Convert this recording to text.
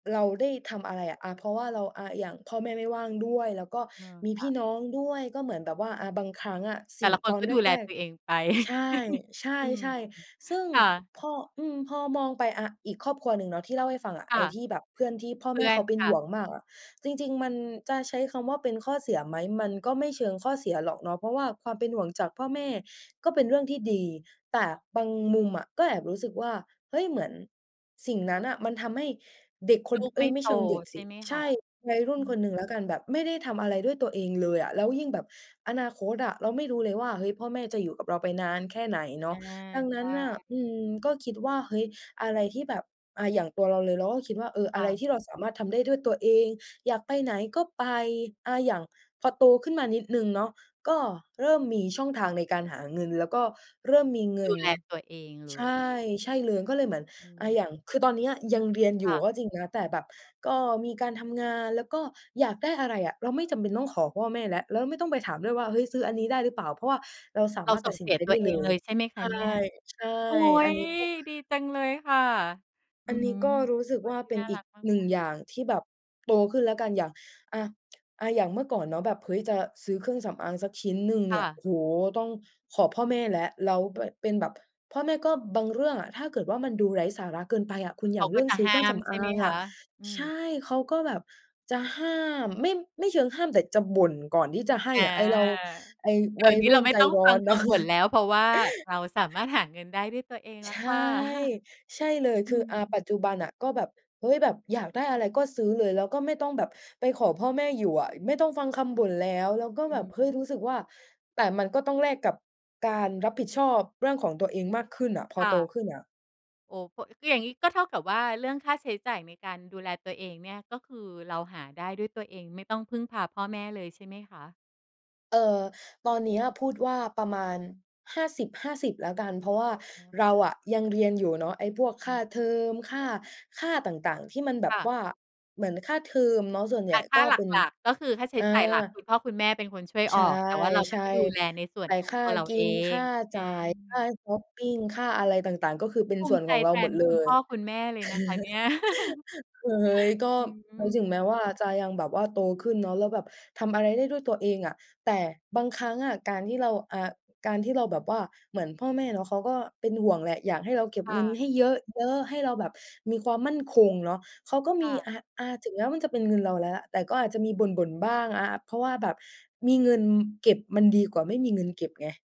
เราได้ทำอะไรอะ เพราะว่าเราอะ อย่างพ่อแม่ไม่ว่างด้วย แล้วก็เออ มีคพ่ี่ะ น้องด้วย ก็เหมือนแบบว่า อ่า บางครั้งอะ สแต่ิ่ง ละคตนอกน็แดูแลรก ตัวเองไป ๆ ใชอืม ่ ๆ ๆ ซึ่งค่ะ พอ อืม พอมองไปอะ อีกครอบครัวหนึ่งเนาะ ที่เล่าให้ฟังอะ คไ่อะ ้ที่แบบเพื่อนที่พ่อเพแมื่่อเขนาเป็คน่หะ ่วงมากอะ จริง ๆ มันจะใช้คำว่าเป็นข้อเสียไหม มันก็ไม่เชิงข้อเสียหรอกเนาะ เพราะว่าความเป็นห่วงจากพ่อแม่ก็เป็นเรื่องที่ดี แต่บางมุมอะก็แอบรู้สึกว่า เฮ้ย เหมือนสิ่งนั้นน่ะมันทำให้เด็กคลน ูกเฮไม้่ย ไมโ่ตเชิงเด็กใชส่ิ ไหมใคชะ? ่ วัยรุ่อืนคอ นหนึ่งแล้วกันแบบไม่ได้ทำอะไรด้วยตัวเองเลยอะ แล้วยิ่งแบบอนาคตอะ เราไม่รู้เลยว่า เฮ้ย พ่อแม่จะอยู่กับเราไปนานแค่ไหนเนเอาะ อ ดังนใชั้่ นน่ะ อืม ก็คิดว่า เฮ้ย อะไรที่แบบ อ่า อย่างตัวเราเลย เราก็คิดว่า เออ อคะ่ไรทะ ี่เราสามารถทำได้ด้วยตัวเอง อยากไปไหนก็ไป อ่า อย่างพอโตขึ้นมานิดหนึ่งเนาะ ก็เริ่มมีช่องทางในการหาเงินแล้วก็เริ่มมีเงดิูน แลตัวเองเลใช่ ย ใช่เลยก็เลยเหมือนอืม อย่าง คือตอนเนี้ยยังเรียนอยคู่่ะ ก็จริงนะ แต่แบบก็มีการทำงาน แล้วก็อยากได้อะไรอะ เราไม่จำเป็นต้องขอพ่อแม่แล้ว แล้วไม่ต้องไปถามด้วยว่า เฮ้ย ซื้ออันนี้ได้หรือเปล่า เพราะว่าเราสาเรามารถสต่ัดงสเิสนีใยจตไัดว้เอเลงเย ลยใช่ไหมคใชะ่ เนี่ย? ใช่ โอ๊อันย! นี้ก็ ดีจังเลยค่ะ ออืันอนฮี้ึ ก็รู้สึกควน่าที่เป็น่นาอรีักกมาหนึ่งก ๆ อย่างที่แบบโตขึ้นแล้วกันอย่าง อ่า อย่างเมื่อก่อนเนาะแบบ เฮ้ย จะซื้อเครื่องสำอางสักชิ้นหนึ่งคเน่ี่ย โอะ ้โฮ! ต้องขอพ่อแม่แล้ว แล้วเป เป็นแบบ พ่อแม่ก็บางเรื่องอะ ถ้าเกิดว่ามันดูไร้สาระเกินไปอะ คุณเขอยาากเกร็ื่องจะซื้อหเ้คราื่องมสใำชอ่ไาหมงคอะ? ะ อืใชอ ่ เขาก็แบบจะห้าม ไม่ ไม่เชิงห้ามแต่จะบ่นก่อนที่จะให้อ่า อะ ไอ้เรา ไอ้เดีว๋ยัยวนี้รเุ่รานไม่ใจต้องร้ฟอังนคเนาะ ำบ่นแล้ว เพราะว่าเราสามารถหาเงินได้ด้วยตัวเองแใลช้วค่ ่ะ ใช่เลยอคืือ อ่า ปม ัจจุบันอะก็แบบ เฮ้ย! แบบอยากได้อะไรก็ซื้อเลย แล้วก็ไม่ต้องแบบไปขอพ่อแม่อยู่อะ ไม่ต้องฟังคำบ่นแล้ว แล้วก็อแืบบ เฮ้ย ม รู้สึกว่า แต่มันก็ต้องแลกกับการรับผิดชอบเรื่องของตัวเองมากขึ้นอะ พอค่โตะ ขึ้นอะ โอ้ เพราะ ก็อย่างนี้ก็เท่ากับว่าเรื่องค่าใช้จ่ายในการดูแลตัวเองเนี่ย ก็คือเราหาได้ด้วยตัวเอง ไม่ต้องพึ่งพาพ่อแม่เลยใช่ไหมคะ? เอ่อ ตอนเนี้ยพูดว่าประมาณ 50:50 แล้วกัน เพราะว่าอ๋อ เคร่าะ อะยังเรียนอยู่เนาะ ไอ้พวกค่าเทอม ค่า ค่าต่าง ๆ ที่มันแบคบ่วะ ่า เหมือนค่าเทอมเนาะส่วนใแหญต่่ค่กา็หเป็น ลัก ๆ ก็คือค่าใช้อ่า จ่ายหลัก คุณพ่อคุณแม่เป็นคนช่วยใชออก แต่ว่าเราก็่ จะดูแลในส่ๆ วแตน่ของค่าตัวเรากิเอน คง ่าจอ่าย ค่าา ชอปปิง ค่าอะไรต่าง ๆ ก็คือเป็นภูสม่ิวนใจของเแราทหมนดเลคุณพย ่อคุณแม่เลยนะคะเนี่ย เฮ้ย ก็อืถม ึงแม้ว่าจะยังแบบว่าโตขึ้นเนาะ แล้วแบบทำอะไรได้ด้วยตัวเองอะ แต่บางครั้งอะ การที่เรา อ่า การที่เราแบบว่า เหมือนพ่อแม่เนาะเขาก็เป็นห่วงแหละ อยากให้เราเก็บค่เงินะ ให้เยอะ ๆ ให้เราแบบมีความมั่นคงเนาะ เขาก็คมี ่ะ อ่า อ่า ถึงแม้ว่ามันจะเป็นเงินเราแล้ว แต่ก็อาจจะมีบ่น ๆ บ้างอะ เพราะว่าแบบมีเงินเก็บมันดีกว่าไม่มีเงินเก็บไง